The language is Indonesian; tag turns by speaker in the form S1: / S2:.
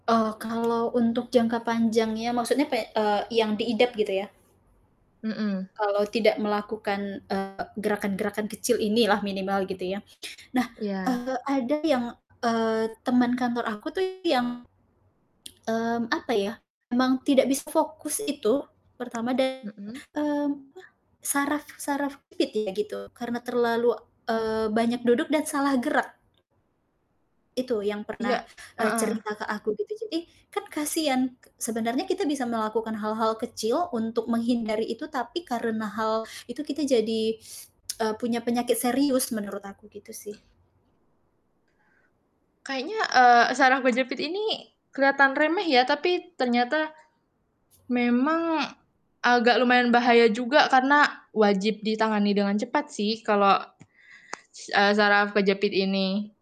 S1: Oh, kalau untuk jangka panjangnya, maksudnya, pe eee, yang diidap gitu ya?
S2: Mhm.
S1: Kalau tidak melakukan, eee, gerakan-gerakan kecil inilah minimal gitu ya. Nah,
S2: Iya.
S1: eee, ada yang, eee, teman kantor aku tuh yang, mmm, apa ya, memang tidak bisa fokus itu pertama dari,
S2: Mhm?
S1: mmm, apa, saraf saraf kejepit ya gitu karena terlalu, eee, banyak duduk dan salah gerak. Itu yang
S2: Iya,
S1: pernah, eee,
S2: heeh.
S1: cerita ke aku, gitu. Jadi, kan kasihan ke sebenarnya kita bisa melakukan hal-hal kecil untuk menghindari itu, tapi karena hal itu kita jadi, eee, punya penyakit serius menurut aku gitu sih.
S2: Kayaknya, eee, syaraf kejepit ini keliatan remeh ya, tapi ternyata memang agak lumayan bahaya juga, karena wajib ditangani dengan cepat sih kalau, eee, saraf kejepit ini.